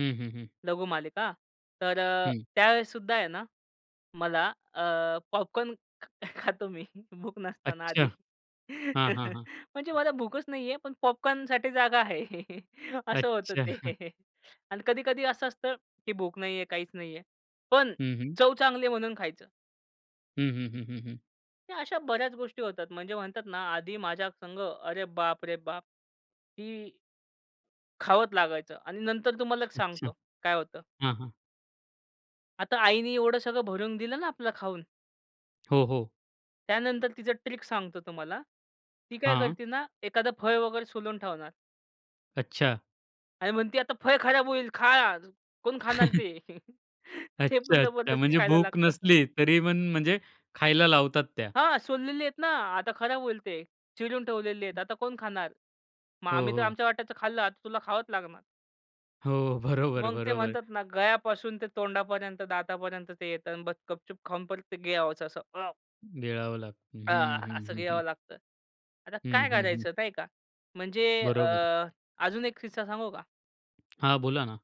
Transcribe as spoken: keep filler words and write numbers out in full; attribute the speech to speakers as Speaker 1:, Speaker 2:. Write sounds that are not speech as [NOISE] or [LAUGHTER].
Speaker 1: हं, हं, हं.
Speaker 2: लघुमालिका. तर अ,
Speaker 1: हं.
Speaker 2: त्यावेळेस सुद्धा आहे ना, मला अ, पॉपकॉर्न खातो मी भूक नसताना
Speaker 1: अच्छा.
Speaker 2: आधी.
Speaker 1: हां, हां,
Speaker 2: [CHUCKLES]
Speaker 1: हां.
Speaker 2: म्हणजे मला भूकच नाहीये. पण पॉपकॉर्न साठी जागा आहे असं होतं
Speaker 1: अच्छा. हं.
Speaker 2: ते आणि कधी-कधी असं असतं, की भूक नाहीये काहीच नाहीये. पण
Speaker 1: हं, हं.
Speaker 2: चव चांगली आहे म्हणून खायचं.
Speaker 1: हं, हं, हं, हं, हं.
Speaker 2: अशा बऱ्याच गोष्टी होतात. म्हणजे म्हणतात ना आधी माझ्या संग अरे बाप रे बाप! ती खावत लागायचं. आणि नंतर तुम्हाला एक
Speaker 1: अच्छा.
Speaker 2: सांगतो काय होतं?
Speaker 1: हां, हां.
Speaker 2: आता आईनी एवढं सगळं भरून दिलं ना आपलं खाऊन
Speaker 1: हो, हो.
Speaker 2: त्यानंतर तिचं ट्रिक सांगतो तुम्हाला. ती काय
Speaker 1: हां.
Speaker 2: करते ना एखाद फळ वगैरे सोलून ठेवणार.
Speaker 1: अच्छा.
Speaker 2: आणि म्हणते, "आता फळ खराब होईल. खा आज. कोण खाणार ते?"
Speaker 1: [CHUCKLES]
Speaker 2: ते पण
Speaker 1: अच्छा, अच्छा.
Speaker 2: जबरदस्ती
Speaker 1: म्हणजे
Speaker 2: खायला
Speaker 1: भूक
Speaker 2: लागतं.
Speaker 1: नसली तरी पण म्हणजे खायला लावतात त्या.
Speaker 2: हां. "सोललेली आहेत ना आता खराब होईल ते. चिरुन ठेवलेली आहेत. आता कोण खाणार? मग
Speaker 1: हो,
Speaker 2: आम्ही तर
Speaker 1: हो.
Speaker 2: आमच्या वाट्याचं खाल्लं, आता तुला खावंच लागणार."
Speaker 1: हो. बरोबर,
Speaker 2: मग ते
Speaker 1: बरोबर.
Speaker 2: म्हणतात ना गळ्यापासून ते तोंडापर्यंत दातापर्यंत ते येतं आणि बस्स गपचूप खाऊन परत ते गिळायचं असं. अ
Speaker 1: गिळावं लागतं.
Speaker 2: अ,
Speaker 1: हं, हं,
Speaker 2: असं
Speaker 1: हं,
Speaker 2: गिळावं
Speaker 1: हं.
Speaker 2: लागतं. आता
Speaker 1: हं,
Speaker 2: काय
Speaker 1: हं, हं.
Speaker 2: करायचं, नाही का? म्हणजे अ,
Speaker 1: बरोबर.
Speaker 2: अजून एक किस्सा सांगू का?
Speaker 1: हां. बोला ना.